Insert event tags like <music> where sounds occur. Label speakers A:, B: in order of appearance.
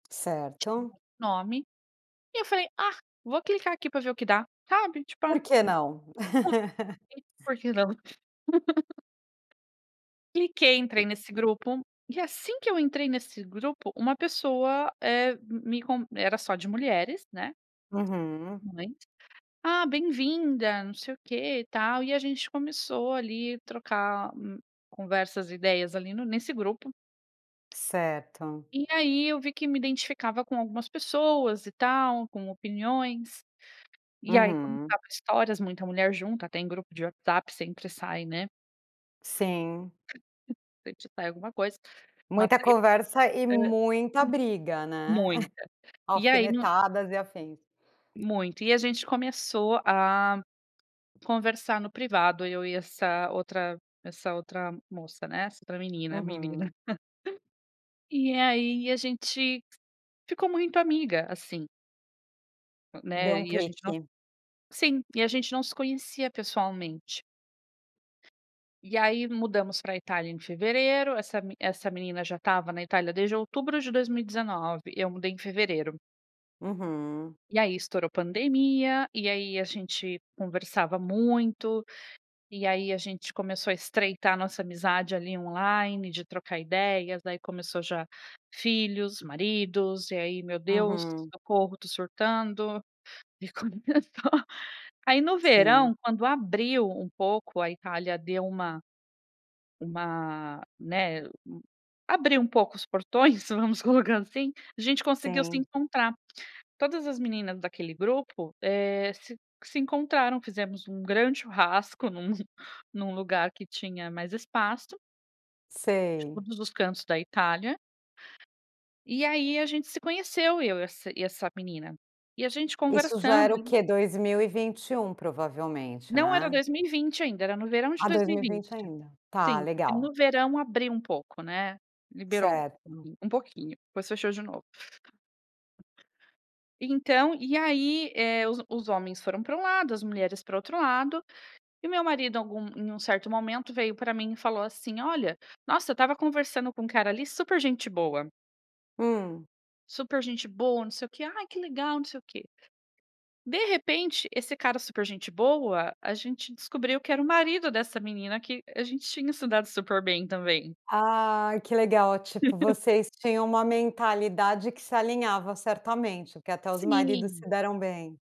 A: Certo.
B: Nome e eu falei: "Ah vou clicar aqui para ver o que dá". Sabe, tipo, ah.
A: Por
B: <unintelligible>
A: que não? <laughs>
B: Por que não? <laughs> Cliquei entrei
A: E.
B: nesse grupo e assim que eu entrei nesse grupo, uma pessoa, eh, me me co era só de mulheres, né,
A: Uhum.
B: mães. "Ah bem-vinda" não sei o que e tal e a gente começou ali trocar, hum, conversas ideias ali no nesse grupo.
A: Certo.
B: E aí eu vi que me identificava com algumas pessoas e tal com opiniões. E aí
A: Uhum.
B: contava histórias muita mulher junta, até em grupo de WhatsApp sempre sai, né.
A: Sim.
B: <unintelligible> alguma coisa, uma
A: Muita
B: treta.
A: conversa e
B: Hã, hum.
A: muita briga, né. <chuckles>
B: Muita. E aí no
A: Alfinetadas e afins.
B: Muito. E a gente começou a conversar no privado eu e essa outra essa outra moça, né, essa outra menina, menina.
A: Uhum.
B: <chuckles> E aí a gente ficou muito amiga, assim.
A: Deu
B: Né.
A: um
B: E a gente não
A: clique.
B: sim, e a gente não se conhecia pessoalmente. E aí mudamos pra Itália em fevereiro, essa mi essa menina já estava na Itália desde outubro de 2019, eu mudei em fevereiro.
A: Uhum.
B: E aí estourou pandemia, e aí a gente conversava muito, e aí a gente começou a estreitar a nossa amizade ali online, de trocar ideias, aí começou já filhos, maridos, e aí meu Deus,
A: Uhum.
B: socorro, estou surtando. E começou aí no
A: Sim.
B: verão quando abriu um pouco a Itália deu uma uma, né, abriu um pouco os portões vamos colocar assim, a gente conseguiu se
A: Sim.
B: encontrar. Todas as meninas daquele grupo, eh, se se encontraram, fizemos um grande churrasco em um em um lugar que tinha mais espaço. De
A: Sei.
B: todos os cantos da Itália. E aí, a gente se conheceu eu e essa e essa menina. E a gente
A: Isso já era
B: conversando
A: o
B: e
A: quê? 2021 provavelmente,
B: Não era
A: né.
B: 2020 ainda, era no verão de
A: Ah,
B: dois
A: dois
B: mil e
A: mil e vinte
B: vinte.
A: ainda. Tá,
B: Sim, porque
A: legal.
B: no verão abriu um pouco né. Liberou,
A: Certo.
B: um pouquinho, depois fechou de novo. Então e aí, eh, os os homens foram para um lado, as mulheres para o outro lado, e o meu marido algum em um certo momento veio para mim e falou assim: "Olha, nossa eu estava conversando com um cara ali super gente boa".
A: Hum.
B: "Super gente boa, não sei o que, ai que legal, não sei o que". De repente, esse cara super gente boa, a gente descobriu que era o marido dessa menina que a gente tinha se dado super bem também.
A: Ah, que legal. Tipo
B: <laughs>
A: vocês tinham uma mentalidade que se alinhava certamente, que até os maridos
B: Sim.
A: se deram bem.